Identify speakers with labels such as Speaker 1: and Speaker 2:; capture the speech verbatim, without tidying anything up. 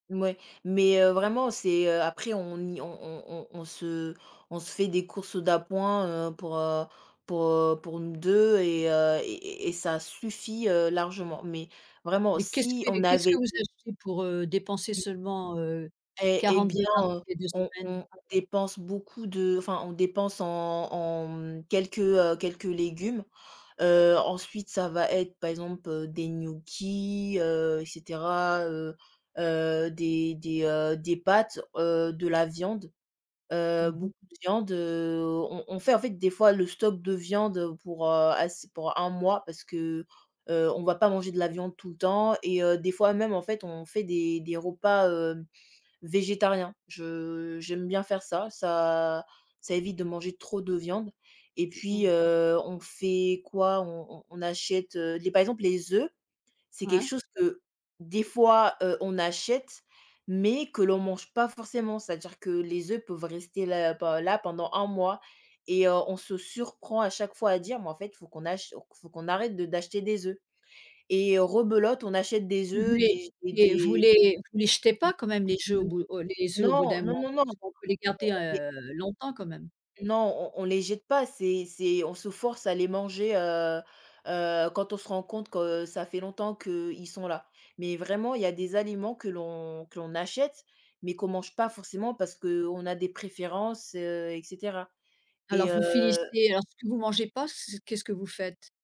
Speaker 1: Mouais, mais heu, vraiment, c'est heu, après on y on on on se on se fait des courses d'appoint, heu, pour, heu, pour, heu, pour nous deux et heu, et et et et ça suffit, heu, largement, mais vraiment,
Speaker 2: Mais qu'est-ce
Speaker 1: si
Speaker 2: que
Speaker 1: on
Speaker 2: qu'est ce
Speaker 1: avait
Speaker 2: que vous
Speaker 1: [unintelligible]
Speaker 2: achetez pour, heu, dépenser
Speaker 1: Mmh.
Speaker 2: seulement, heu,
Speaker 1: Et et
Speaker 2: quarante
Speaker 1: bien,
Speaker 2: dollars toutes les deux
Speaker 1: heu, on
Speaker 2: semaines?
Speaker 1: on dépense beaucoup de enfin on dépense en en mmh, quelques, heu, quelques légumes, heu, ensuite ça va être par exemple, heu, des gnocchis, heu, et cetera, heu heu, des des heu, des pâtes, heu, de la viande, heu,
Speaker 2: Mmh mh.
Speaker 1: beaucoup de viande, heu, on on fait en fait des fois le stock de viande, heu, pour, heu, ass pour un mois parce que, heu, on va pas manger de la viande tout le temps et heu, des fois même en fait on fait des des repas, heu, végétariens. Je j'aime bien faire ça, ça ça évite de manger trop de viande et puis,
Speaker 2: Mmh.
Speaker 1: heu, on fait quoi? On on on achète, heu, les par exemple les œufs, c'est quelque
Speaker 2: Ouais.
Speaker 1: chose que des fois, heu, on achète mais que l'on mange pas forcément, c'est-à-dire que les œufs peuvent rester là pe là pendant un mois et on se surprend à chaque fois à dire mais en fait il faut qu'on ach faut qu'on arrête de d'acheter des oeufs, et heu, rebelote, on achète des
Speaker 2: Vous
Speaker 1: œufs,
Speaker 2: voulez
Speaker 1: des
Speaker 2: vous
Speaker 1: et
Speaker 2: les vous
Speaker 1: des,
Speaker 2: les vous les jetez
Speaker 1: mmh,
Speaker 2: pas, quand même, les jeux, au
Speaker 1: mmh,
Speaker 2: bout de heu, les oeufs, au bout d'un
Speaker 1: non, non,
Speaker 2: mois?
Speaker 1: non, non
Speaker 2: Parce qu'on peut les garder,
Speaker 1: [unintelligible]
Speaker 2: heu, longtemps, quand même?
Speaker 1: Non on on les jette pas, c'est c'est on se force à les manger, heu heu, quand on se rend compte que ça fait longtemps qu'ils sont là, mais vraiment il y a des aliments que l'on que l'on achète mais qu'on mange pas forcément parce qu'on a des préférences, heu, et cetera,
Speaker 2: Alors,
Speaker 1: et
Speaker 2: vous
Speaker 1: heu
Speaker 2: finissez alors, ce que vous mangez pas, c'est qu'est-ce que vous faites?